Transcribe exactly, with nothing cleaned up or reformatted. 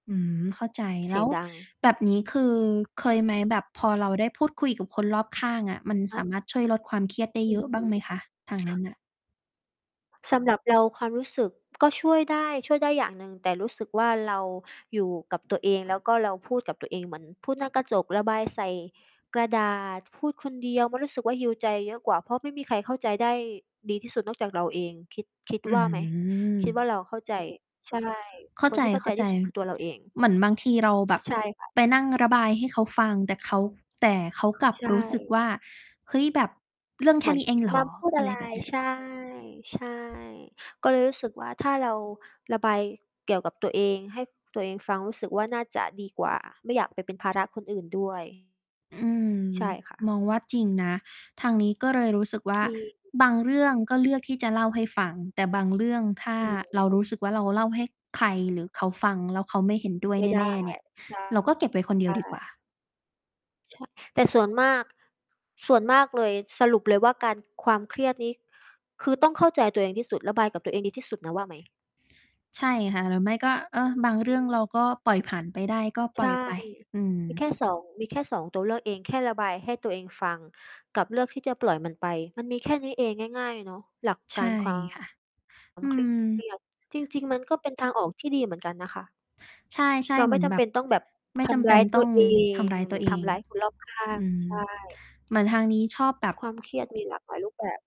อืม เข้าใจ เแสลี้ยงวดัง แบบนี้ คือเคยไหมแบบพอเราได้พูดคุยกับคนรอบข้างอะ มันคส่ะ ามารถช่วยลดความเครียดได้อเืยออฮะบึ ้างไหมคะ? ทางนคั่้นะ น่ะ สำหรับเราความรู้สึกก็ช่วยได้ ช่วยได้อย่างหนึ่ง แต่รู้สึกว่าเราอยู่กับตัวเอง แล้วก็เราพูดกับตัวเองเหมือนพูดหน้ากระจก ระบายใส่กระดาษ พูดคนเดียว มันรู้สึกว่า heal ใจเยอะกว่า เพราะไม่มีใครเข้าใจได้ดีที่สุดนอกจากเราเอง คิด คิดอืว่าไหม? คิดว่าเม ราเข้าใจ ใช่ เข้คานใที่เข้าใจทีจ ่สุดคือตัวเราเอง ๆ เหมือนบางทีเราแบบใช่ค่ะ ไปนั่งระบายให้เขาฟัง แต่เขา แต่เขาอ๋อ กลับใชรู้สึก่ ว่า เฮ้ย แบบเรื่องแคเหม่ือนน ี้เองเหรมาอ? พูดออะะไรไร แบบเนี้ย ใช่ ใช่ ก็เลยรู้สึกว่า ถ้าเราระบายเกี่ยวกับตัวเองให้ตัวเองฟัง รู้สึกว่าน่าจะดีกว่า ไม่อยากไปเป็นภาระคนอื่น ด้วย อืม ใช่ค่ะ มองว่าจริงนะ ทางนี้ก็เลยรู้สึกว่า จริง บางเรื่องก็เลือกที่จะเล่าให้ฟัง แต่บางเรื่องถ้าอืม เรารู้สึกว่า เราเล่าให้ใคร หรือเขาฟังแล้ว เขาไม่เห็นด้วยไม่ไดแน้ ่ ๆ เนี่ย ใชเราก็เก็บไว้คนเดียวดีกว่่ า ช แต่ ส่วนมาก ส่วนมากเลย สรุปเลยว่า การ ความเครียดนี้คือต้องเข้าใจตัวเองที่สุด ระบายกับตัวเองดีที่สุดนะว่าไหม? ใช่ค่ะ หรือไม่ก็ เออ บางเรื่องเราก็ปล่อยผ่านไปได้ ก็ปใลช่อ่ ยไป อืมีแม ค่ สอง มีแค่ สอง ตัวเลือกเอง แค่ระบายให้ตัวเองฟัง กับเลือกที่จะปล่อยมันไป มันมีแค่นี้เองง่าย ๆ เนาะ หลักใกชา่ร ควาค่ะ มอืเครียด ม จริง ๆ มันก็เป็นทางออกที่ดีเหมือนกันนะคะ ใชเ่ ราๆ เไหมม่ือนจแบำเป็บนต้องแบบไม่ทจำเำรป้็านยตตั้ว องเอทง ำร้ายหรตืัอวเอทง ำร้ายคนรอบข้าอง ืม ใช่ เหมือนทางนี้ชอบแบบ ความเครียด มีหลากหลายรูปแบบ